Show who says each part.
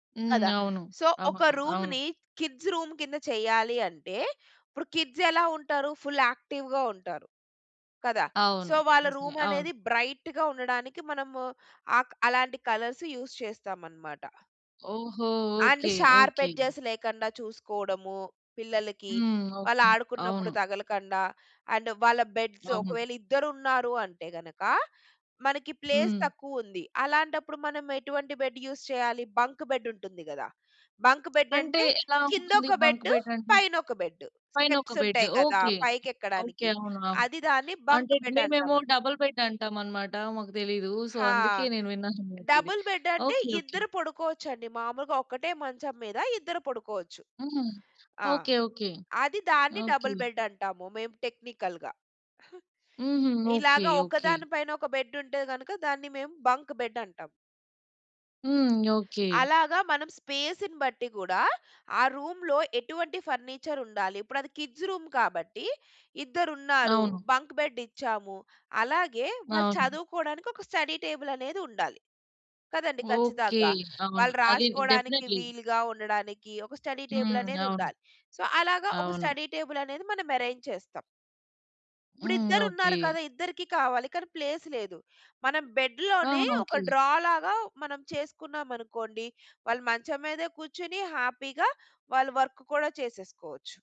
Speaker 1: హ్మ్,
Speaker 2: కదా!
Speaker 1: అవును.
Speaker 2: సో ఒక
Speaker 1: అవును, అవును.
Speaker 2: రూమ్‌ని కిడ్స్ రూమ్ కింద చెయ్యాలి అంటే, ఇప్పుడు కిడ్స్ ఎలా ఉంటారు? ఫుల్ యాక్టివ్‌గా ఉంటారు, కదా!
Speaker 1: అవును,
Speaker 2: సో వాళ్ళ
Speaker 1: నిజమే
Speaker 2: రూమ్ అనేది
Speaker 1: అవును.
Speaker 2: బ్రైట్‌గా ఉండడానికి మనము అ అలాంటి కలర్స్ యూజ్ చేస్తామనమాట.
Speaker 1: ఓహో!
Speaker 2: And
Speaker 1: okay,
Speaker 2: sharp
Speaker 1: okay.
Speaker 2: Edges లేకుండ చూసుకోవడము పిల్లలకి,
Speaker 1: హ్మ్,
Speaker 2: వాళ్ళు
Speaker 1: ఓకె.
Speaker 2: ఆడుకున్నప్పుడు
Speaker 1: అవును.
Speaker 2: తగలకుండ అండ్ వాళ్ళ బెడ్స్
Speaker 1: అవును.
Speaker 2: ఒకవేళ ఇద్దరు ఉన్నారు అంటే గనక, మనకి ప్లేస్
Speaker 1: హ్మ్.
Speaker 2: తక్కువ ఉంది. అలాంటప్పుడు మనం ఎటువంటి బెడ్ యూజ్ చేయాలి, బంక్ బెడ్ ఉంటుంది గదా! బంక్ బెడ్
Speaker 1: అంటే
Speaker 2: అంటే
Speaker 1: ఎలా
Speaker 2: కింద
Speaker 1: ఉంటుంది?
Speaker 2: ఒక
Speaker 1: బంక్
Speaker 2: బెడ్
Speaker 1: బడ్ అంటే?
Speaker 2: పైన ఒక బెడ్.
Speaker 1: పైన ఒక
Speaker 2: స్టెప్స్
Speaker 1: బెడ్
Speaker 2: ఉంటాయి కదా!
Speaker 1: ఓకె,
Speaker 2: పైకి
Speaker 1: ఓకె
Speaker 2: ఎక్కడానికి
Speaker 1: అవును, అవును
Speaker 2: అది దాన్ని
Speaker 1: అంటే
Speaker 2: బంక్ బెడ్ అంటాం.
Speaker 1: మేమేమో డబుల్ బెడ్ అంటామనమాట, మాకు తెలీదు. సో,
Speaker 2: హా!
Speaker 1: అందుకే నేను విన్నానన్నమాట ఇది.
Speaker 2: డబుల్ బెడ్ అంటే
Speaker 1: ఓకె, ఓకె.
Speaker 2: ఇద్దరు పడుకోవచ్చండి. మామూలుగా ఒక్కటే మంచం మీద ఇద్దరు పడుకోవచ్చు.
Speaker 1: హ్మ్.
Speaker 2: ఆ!
Speaker 1: ఓకె, ఓకె,
Speaker 2: అది దాన్ని
Speaker 1: ఓకె.
Speaker 2: డబుల్ బెడ్ అంటాము. మేము టెక్నికల్‌గా.
Speaker 1: హుహు.
Speaker 2: ఇలాగ
Speaker 1: ఓకె, ఓకె.
Speaker 2: ఒకదాని పైన ఒక బెడ్ ఉంటే గనుక, దాన్ని మేము బంక్ బెడ్ అంటాం.
Speaker 1: హ్మ్, ఓకె.
Speaker 2: అలాగ మనం స్పేస్‌ని బట్టి గూడా, ఆ రూమ్‌లో ఎటువంటి ఫర్నిచర్ ఉండాలి. ఇప్పుడు అది కిడ్స్ రూమ్ కాబట్టి ఇద్దరు ఉన్నారు
Speaker 1: అవును.
Speaker 2: బంక్ బెడ్ ఇచ్చాము. అలాగే వాళ్ళు
Speaker 1: అవును.
Speaker 2: చదువుకోవడానికి ఒక స్టడీ టేబుల్ అనేది ఉండాలి. కదండీ,
Speaker 1: ఓకె,
Speaker 2: ఖచ్చితంగా!
Speaker 1: అవును.
Speaker 2: వాళ్ళు
Speaker 1: అది
Speaker 2: రాసుకోవడానికి
Speaker 1: డెఫినెట్లీ.
Speaker 2: వీలుగా ఉండడానికి, ఒక స్టడీ టేబుల్
Speaker 1: హ్మ్,
Speaker 2: అనేది
Speaker 1: అవును,
Speaker 2: ఉండాలి. సో అలాగ ఒక
Speaker 1: అవును.
Speaker 2: స్టడీ టేబుల్ అనేది మనం అరేంజ్ చేస్తాం. ఇప్పుడు
Speaker 1: హ్మ్,
Speaker 2: ఇద్దరు
Speaker 1: ఓకె.
Speaker 2: ఉన్నారు కదా! ఇద్దరికీ కావాలి కానీ ప్లేస్ లేదు. మనం బెడ్‌లోనే
Speaker 1: ఆహా!
Speaker 2: ఒక
Speaker 1: ఓకె.
Speaker 2: డ్రా లాగా మనం చేసుకున్నామనుకోండి, వాళ్ళు మంచం మీద కూర్చొని హ్యాపీగా వాళ్ళు వర్క్ కూడా చేసేసుకోవచ్చు.